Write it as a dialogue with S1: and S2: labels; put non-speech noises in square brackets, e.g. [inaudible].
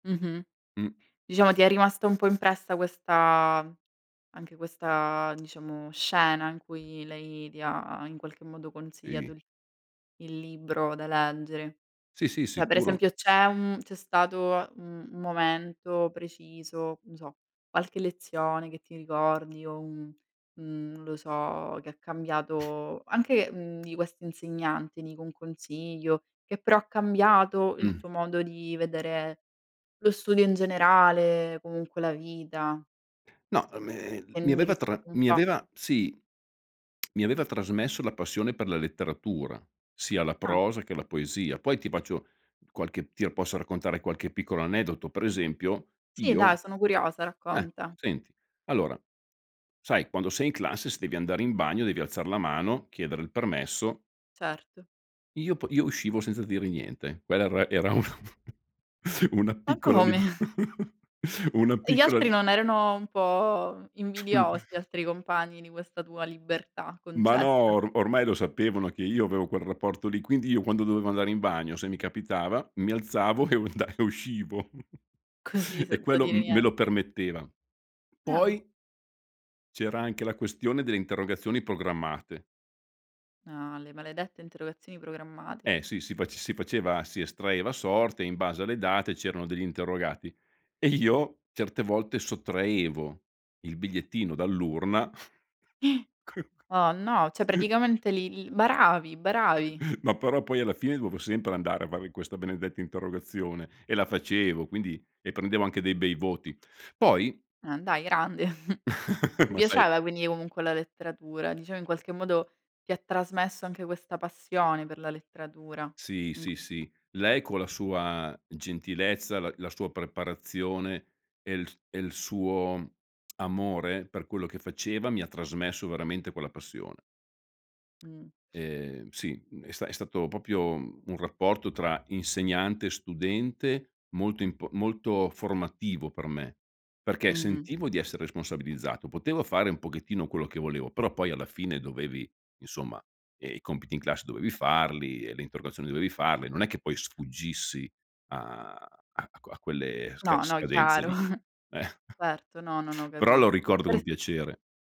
S1: Mh-mh.
S2: Mh.
S1: Diciamo ti è rimasta un po' impressa questa anche questa diciamo, scena in cui lei ti ha, in qualche modo, consigliato
S2: Ehi.
S1: il libro da leggere.
S2: Sì, sì,
S1: Cioè per
S2: sicuro.
S1: esempio, c'è un mhmm, c'è stato un un momento preciso, non so, qualche lezione che ti ricordi o un un non lo so, che ha
S2: [chuckles]
S1: cambiato anche, mhmm, di questa insegnante, dico un consiglio, che però ha cambiato il
S2: Mh.
S1: tuo modo di vedere lo studio in generale, comunque la vita.
S2: No e me
S1: Ha
S2: mi aveva tra
S1: indirizzato un
S2: mi
S1: po'.
S2: aveva sì, [tsk] mi aveva trasmesso la passione per la letteratura, sia la
S1: Ah.
S2: prosa che la poesia. Poi ti faccio qualche ti lo posso raccontare qualche piccolo aneddoto, per esempio,
S1: Sì,
S2: io
S1: dai. Sono curiosa,
S2: eh,
S1: racconta.
S2: senti. Allora, sai quando sei in classe devi andare in bagno devi alzare la mano, chiedere il permesso
S1: Certo.
S2: io po io uscivo senza dire niente. Quella era era una [chuckles] una
S1: Ma
S2: piccola lib
S1: come?
S2: [chuckles] una
S1: E gli
S2: piccola
S1: altri non erano un po' invidiosi,
S2: [chuckles]
S1: gli altri compagni, di questa tua libertà
S2: Ma no!
S1: concessa?
S2: Or ormai lo sapevano che io avevo quel rapporto lì, quindi io quando dovevo andare in bagno, se mi capitava, mi alzavo e unda e uscivo
S1: Così
S2: [chuckles] e
S1: senza
S2: quello
S1: dire
S2: m me lo
S1: niente.
S2: permetteva,
S1: Ah.
S2: poi c'era anche la questione delle interrogazioni programmate.
S1: Ah, le maledette interrogazioni programmate.
S2: Eh, sì. Si faces si faceva si estraeva a sorte, in base alle date c'erano degli interrogati e io certe volte sottraevo il bigliettino dall'urna
S1: [gasps] Oh, no. Cioè
S2: [chuckles]
S1: praticamente li li baravi, baravi.
S2: [chuckles] Ma però poi alla fine dove sempre andare a fare questa benedetta interrogazione, e la facevo, quindi e prendevo anche dei bei voti. Poi
S1: Ah dai, grande. [chuckles]
S2: [laughs]
S1: Ti
S2: Ma sai
S1: piaceva quindi comunque la letteratura. Diciamo in qualche modo ti trasmesso anche questa passione per la letteratura.
S2: Sì,
S1: Mh.
S2: sì, sì. Lei con la sua gentilezza, la la sua preparazione e il s e il suo [tsk] amore per quello che faceva mi ha trasmesso veramente quella passione.
S1: Mh.
S2: Ehm, sì è sta è stato proprio un rapporto tra insegnante e studente molto imp molto formativo per me. Perché
S1: Mh-mh.
S2: sentivo di essere responsabilizzato, potevo fare un pochettino quello che volevo, però poi alla fine dovevi insomma, ehm, i compiti in classe dovevi farli e le interrogazioni dovevi farle, non è che poi sfuggissi a a qu a quelle sca
S1: No, no,
S2: scadenze
S1: chiaro.
S2: lì. Eh.
S1: [chuckles]
S2: [chuckles]
S1: Erto. No, no, no,
S2: Però lo
S1: capisco.
S2: ricordo con
S1: Pers
S2: piacere.